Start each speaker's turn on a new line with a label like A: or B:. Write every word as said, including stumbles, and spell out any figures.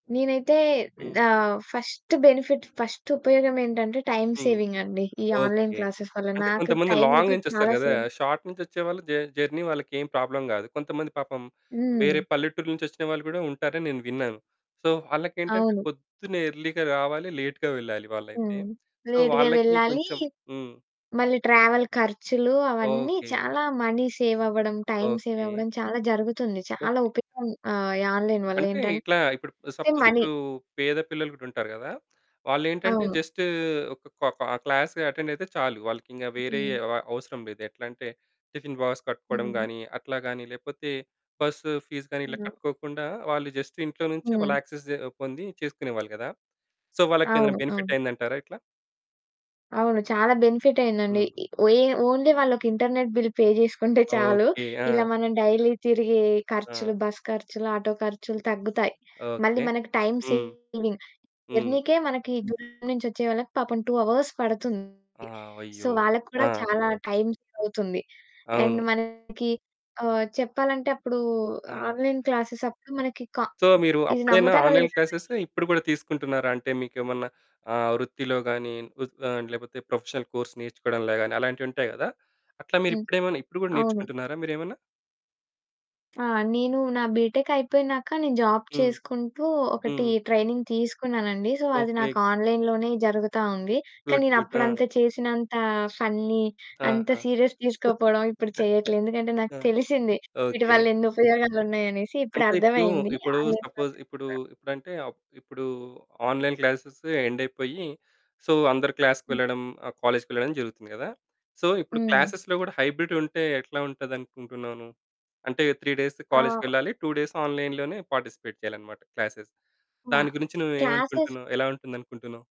A: నేనైతే
B: హ్మ్.
A: ఆహ్, ఫస్ట్ బెనిఫిట్, ఫస్ట్ ఉపయోగం ఏంటంటే టైమ్
B: హ్మ్.
A: సేవింగ్ అండి. ఈ ఆన్లైన్
B: ఓకే.
A: క్లాసెస్ వల్ల.
B: అంటే
A: నాకు
B: కొంతమంది
A: టైమ్
B: లాంగ్
A: అయితే
B: నుంచి వస్తారు
A: చాలా
B: కదా.
A: సేవ్
B: షార్ట్ నుంచి వచ్చేవాళ్ళు జ జర్నీ వాళ్ళకేం ప్రాబ్లమ్ కాదు. కొంతమంది పాపం
A: హ్మ్.
B: వేరే పల్లెటూరు నుంచి వచ్చిన వాళ్ళు కూడా ఉంటారని నేను విన్నాను. సో వాళ్ళకి ఏంటంటే
A: అవును.
B: పొద్దున్నే ఎర్లీగా రావాలి, లేట్‌గా వెళ్ళాలి వాళ్ళైతే.
A: హ్మ్.
B: సో
A: లేట్‌గా
B: వాళ్ళకి
A: వెళ్ళాలి.
B: కొంచెం హ్మ్.
A: మళ్ళీ ట్రావెల్ ఖర్చులు అవన్నీ
B: ఓకే.
A: చాలా మనీ సేవ్ అవ్వడం. Time save
B: okay.
A: అవ్వడం. చాలా జరుగుతుంది. చాలా
B: ఓకే.
A: ఉపయోగం ఆహ్, ఈ ఆన్లైన్ వల్ల
B: అంటే ఇట్లా
A: ఏంటంటే
B: ఇప్పుడు సపోజ్,
A: మనీ.
B: ఇప్పుడు పేద పిల్లలు కూడా ఉంటారు కదా! వాళ్ళు ఏంటంటే
A: అవును.
B: జస్ట్ ఒక క్లాస్ అటెండ్ అయితే చాలు. వాళ్ళకి ఇంకా వేరే
A: హ్మ్.
B: అవ అవసరం లేదు. ఎట్లా అంటే టిఫిన్ బాక్స్ కట్టుకోవడం
A: హ్మ్.
B: గాని అట్లా గాని, లేకపోతే బస్ ఫీస్ గాని ఇలా
A: అవును.
B: కట్టుకోకుండా వాళ్ళు జస్ట్ ఇంట్లో నుంచే వాళ్ళు
A: హ్మ్.
B: యాక్సెస్ జె పొంది చేసుకునేవాళ్ళు కదా. సో వాళ్ళకి ఏదైనా
A: అవును.
B: బెనిఫిట్
A: అవును.
B: అయిందంటారా ఇట్లా?
A: అవును. చాలా బెనిఫిట్ అయిందండి.
B: హ్మ్.
A: ఇ ఒయే ఓన్లీ వాళ్ళకి ఇంటర్నెట్ బిల్ పే చేసుకుంటే చాలు.
B: ఓకే. ఆ!
A: ఇలా మనం డైలీ తిరిగే
B: ఆ!
A: ఖర్చులు, బస్ ఖర్చులు, ఆటో ఖర్చులు తగ్గుతాయి. మళ్ళీ
B: ఓకే.
A: మనకు టైమ్
B: హ్మ్.
A: సేవింగ్.
B: హ్మ్.
A: జర్నీకే మనకి దూరం నుంచి వచ్చే వాళ్ళకి పాపం టూ అవర్స్ పడుతుంది.
B: ఆ!
A: సో,
B: అయ్యో!
A: వాళ్ళకి కూడా
B: ఆ!
A: చాలా టైమ్ సేవ్ అవుతుంది. అండ్
B: అవును.
A: మనకి ఆహ్, చెప్పాలంటే అప్పుడు
B: ఆ!
A: ఆన్లైన్ క్లాస్ అప్పుడు మనకి క
B: సో, మీరు
A: ఇది
B: అప్పుడైనా
A: నమ్ముతారో
B: ఆన్లైన్
A: లేదో
B: క్లాస్
A: గాని
B: ఇప్పుడు కూడా తీసుకుంటున్నారా? అంటే మీకేమన్నా ఆహ్, వృత్తిలో గాని ఆహ్, లేకపోతే ప్రొఫెషనల్ కోర్స్ నేర్చుకోవడంలో గాని అలాంటివి ఉంటాయి కదా. అట్లా మీరు
A: హ్మ్.
B: ఇప్పుడేమన్నా, ఇప్పుడు కూడా
A: అవును.
B: నేర్చుకుంటున్నారా మీరేమన్నా?
A: ఆ! నేను నా బీటెక్ అయిపోయినాక నేను జాబ్
B: హ్మ్.
A: చేసుకుంటూ, ఒకటి
B: హ్మ్.
A: ట్రైనింగ్ తీసుకున్నానండి. సో అది
B: ఓకే.
A: నాకు ఆన్లైన్‌లోనే జరుగుతా ఉంది. కానీ
B: గుడ్
A: నేను
B: గుడ్. ఆ!
A: అప్పుడంత చేసినంత ఫన్ని అంత
B: ఆహా!
A: సీరియస్‌గా తీసుకోకపోవడం, ఇప్పుడు చేయట్లేదు. ఎందుకంటే నాకు
B: ఆ!
A: తెలిసింది. వీటి
B: ఓకే.
A: వల్ల ఎన్ని ఉపయోగాలు ఉన్నాయి అనేసి. ఇప్పుడు
B: అంటే ఇప్పుడు,
A: అర్థమయింది.
B: ఇప్పుడు
A: ఆన్లైన్
B: సపోజ్,
A: క్లాసెస్
B: ఇప్పుడు,
A: కూడా
B: ఇప్పుడంటే, ఇప్పుడు ఆన్లైన్ క్లాస్ ఎండ్ అయిపోయి సో అందరూ క్లాస్‌కి
A: హ్మ్.
B: వెళ్లడం, కాలేజ్‌కి వెళ్ళడం జరుగుతుంది కదా. సో ఇప్పుడు
A: హ్మ్.
B: క్లాస్‌లో కూడా హైబ్రిడ్ ఉంటే ఎట్లా ఉంటది అనుకుంటున్నావు నువ్వు? అంటే త్రీ డేస్ కాలేజ్‌కి
A: ఆ!
B: వెళ్ళాలి, టూ డేస్ ఆన్లైన్‌లోనే పార్టిసిపేట్ చేయాలన్నమాట క్లాసెస్.
A: ఆ!
B: దాని గురించి నువ్వు
A: క్లాసెస్
B: ఏమనుకుంటున్నావు? ఎలా ఉంటుంది అనుకుంటున్నావు?